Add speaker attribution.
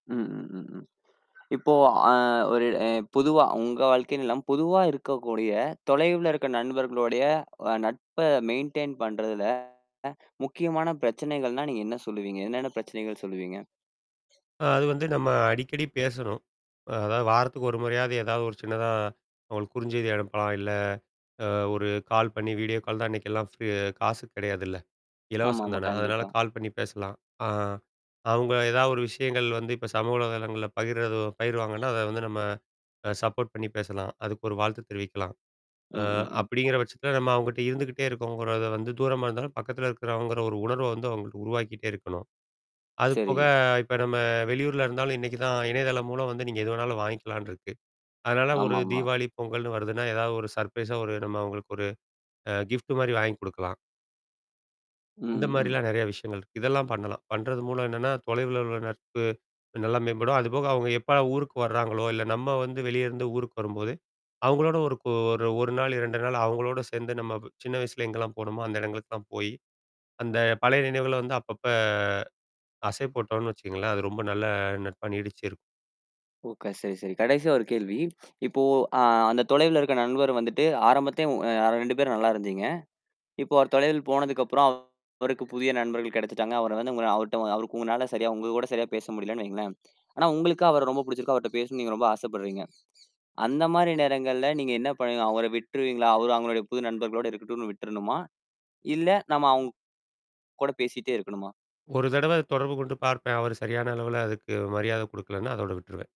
Speaker 1: ம், ம், ம், ம். இப்போ, அ ஒரு அ பொதுவா உங்க வாழ்க்கைனு இல்லா பொதுவா இருக்கக்கூடிய தொலைவுல இருக்க நண்பர்களுடைய அ நட்ப மெயின்டெயின் பண்றதுல முக்கியமான பிரச்சனைகள்னா, நீங்க என்ன சொல்லுவீங்க? என்னென்ன பிரச்சனைகள் சொல்லுவீங்க?
Speaker 2: அ அது வந்து நம்ம அடிக்கடி பேசணும். அதாவது வாரத்துக்கு 1 முறையாவது ஏதாவது ஒரு சின்னதா, அவங்களுக்கு குறுஞ்செய்தி அனுப்பலாம். இல்ல, அ ஒரு கால் பண்ணி, வீடியோ கால் தான் இன்னைக்கெல்லாம் ஃப்ரீ காசுக்கு கிடையாதுல்ல. இலவசம்
Speaker 1: ஆமாமா.
Speaker 2: தானே. அதனால
Speaker 1: கண்டிப்பா.
Speaker 2: கால் பண்ணி பேசலாம். ஆ. அவங்க ஏதாவது ஒரு விஷயங்கள் வந்து இப்ப சமூக வலைதளங்கள்ல பகிர்து பகிர்வாங்கன்னா, அத வந்து நம்ம அ சப்போர்ட் பண்ணி பேசலாம். அதுக்கு ஒரு வாழ்த்து தெரிவிக்கலாம்.
Speaker 1: ம்,
Speaker 2: அ
Speaker 1: ம், ம்.
Speaker 2: அப்படிங்கிற பட்சத்தில நம்ம அவங்ககிட்ட இருந்துக்கிட்டே இருக்கோங்கறத வந்து, தூரமா இருந்தாலும் பக்கத்தில இருக்கறோங்கற ஒரு உணர்வ வந்து அவங்களுக்கு உருவாக்கிட்டே இருக்கணும். அதுபோக
Speaker 1: சரி.
Speaker 2: இப்ப நம்ம வெளியூர்ல இருந்தாலும் இன்னைக்கு தான் இணையதளம் மூலம் வந்து நீங்க எது வேணாலும் வாங்கிக்கலான்னு இருக்கு. அதனால ஒரு
Speaker 1: ஆமாமா.
Speaker 2: தீபாவளி, பொங்கல்ன்னு வருதுன்னா, ஏதாவது ஒரு சர்ப்ரைஸா ஒரு நம்ம அவங்களுக்கு ஒரு அ கிஃப்ட் மாரி வாங்கி குடுக்கலாம்.
Speaker 1: ம்,
Speaker 2: இந்த
Speaker 1: ம், ம்.
Speaker 2: மாரிலாம் நெறைய விஷயங்கள் இருக்கு. இதெல்லாம் பண்ணலாம். பண்றது மூலம் என்னன்னா, தொலைவுல உள்ள நட்பு நல்லா மேம்படும். அதுபோக, அவுங்க எப்பலாம் ஊருக்கு வர்றாங்களோ, இல்ல நம்ம வந்து வெளிய இருந்து ஊருக்கு வரும்போது, அவங்களோட ஒரு கூ ஒரு, 1 நாள், 2 நாள் அவங்களோடு சேர்ந்து நம்ம சின்ன வயசுல எங்கலாம் போனோமோ, அந்த இடங்களுக்குல்லாம் போயி, அந்த பழைய நினைவுகள வந்து அப்பப்ப அசை போட்டோம்ன்னு வச்சுங்களேன், அது ரொம்ப நல்ல நட்பா நீடிச்சு இருக்கும்.
Speaker 1: ஓகே சரி, சரி. கடைசியா ஒரு கேள்வி. இப்போ அ அந்த தொலைவுல இருக்க நண்பர் வந்துட்டு ஆரம்பத்துலயே ஒ யா 2 பேரும் நல்லா இருந்தீங்க. இப்போ ஒரு தொலைவில் போனதுக்கப்புறம் அவருக்கு புதிய நண்பர்கள் கிடைச்சுட்டாங்க. அவர வந்து உங்கள அவர்ட அவருக்கு உங்களால சரியா உங்க கூட சரியா பேச முடியலன்னு வைங்களேன். ஆனா, உங்களுக்கு அவர ரொம்ப புடிச்சிருக்கு. அவர்ட பேசணும் நீங்க ரொம்ப ஆசப்படுறீங்க. அந்த மாரி நேரங்கள்ல நீங்க என்ன பண்ணுவீங்க? அவர விட்டுருவீங்களா? அவரு அவங்களுடைய புது நண்பர்களோட இருக்கட்டுன்னு விட்டுரணுமா? இல்ல நம்ம அவுங்கூட பேசிட்டே இருக்கணுமா?
Speaker 2: 1 தடவ தொடர்பு கொண்டு பார்ப்பேன். அவரு சரியான அளவுல அதுக்கு மரியாதை குடுக்கலன்னா, அதோட விட்டுருவேன்.